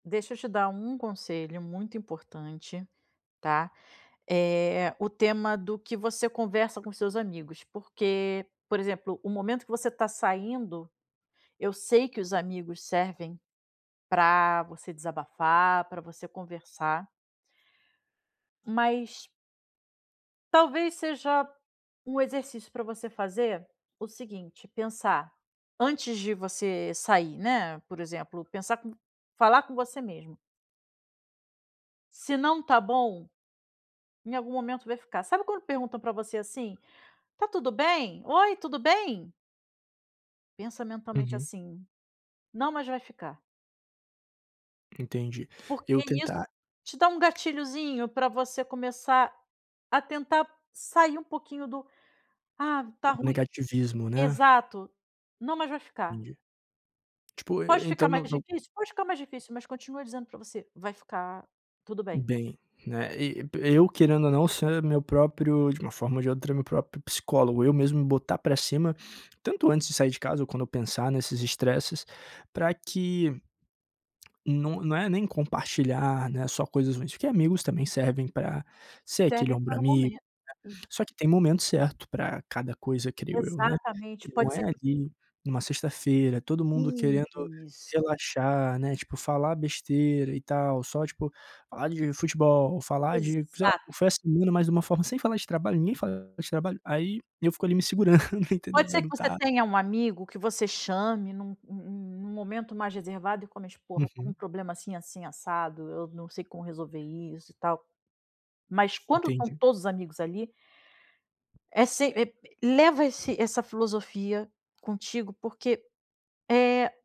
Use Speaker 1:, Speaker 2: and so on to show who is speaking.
Speaker 1: Deixa eu te dar um conselho muito importante, tá, eh, o tema do que você conversa com seus amigos porque, por exemplo, o momento que você está saindo, eu sei que os amigos servem pra você desabafar, para você conversar mas talvez seja um exercício para você fazer o seguinte, pensar, antes de você sair, né, por exemplo, pensar com falar com você mesmo se não está bom, em algum momento vai ficar. Sabe quando perguntam para você assim: "Tá tudo bem?", "Oi, tudo bem?" pensa mentalmente
Speaker 2: Uhum.
Speaker 1: assim: "Não, mas vai ficar".
Speaker 2: Entendi,
Speaker 1: Porque
Speaker 2: eu
Speaker 1: isso
Speaker 2: tentar
Speaker 1: te dá um gatilhozinho para você começar a tentar sair um pouquinho do "Ah, tá
Speaker 2: Do
Speaker 1: ruim"
Speaker 2: negativismo né?
Speaker 1: exato, "Não, mas vai ficar".
Speaker 2: Entendi. Tipo, e
Speaker 1: Pode
Speaker 2: então
Speaker 1: ficar
Speaker 2: no
Speaker 1: mais
Speaker 2: no
Speaker 1: difícil? Pode ficar mais difícil, mas continua dizendo para você: "Vai ficar tudo bem".
Speaker 2: Bem, né, e eu, querendo ou não, ser meu próprio, de uma forma ou de outra, meu próprio psicólogo, eu mesmo botar pra cima, tanto antes de sair de casa ou quando eu pensar nesses estresses, pra que não não é nem compartilhar, né, só coisas ruins, porque amigos também servem pra ser aquele
Speaker 1: Serve pra
Speaker 2: ombro
Speaker 1: no
Speaker 2: amigo,
Speaker 1: momento
Speaker 2: né,
Speaker 1: [unintelligible]
Speaker 2: só que tem momento certo para cada coisa, creio eu, né.
Speaker 1: Exatamente,
Speaker 2: Não
Speaker 1: pode
Speaker 2: é
Speaker 1: ser que você
Speaker 2: ali, em uma sexta-feira, todo mundo querendo
Speaker 1: Isso.
Speaker 2: relaxar, né, tipo falar besteira e tal, só tipo, falar de futebol, falar de, sei lá,
Speaker 1: Exato.
Speaker 2: festa junina, mas de uma forma sem falar de trabalho, ninguém fala de trabalho, aí eu fico ali me segurando entendeu,
Speaker 1: Pode
Speaker 2: para
Speaker 1: ser que você
Speaker 2: lutar
Speaker 1: tenha um amigo que você chame em um em um um momento mais reservado e comente: "Porra, estou com um
Speaker 2: Uhum.
Speaker 1: problema assim, assim, assado, eu não sei como resolver isso e tal", mas quando estão
Speaker 2: Entendi.
Speaker 1: todos amigos ali é se eh, leva esse essa filosofia contigo porque, eh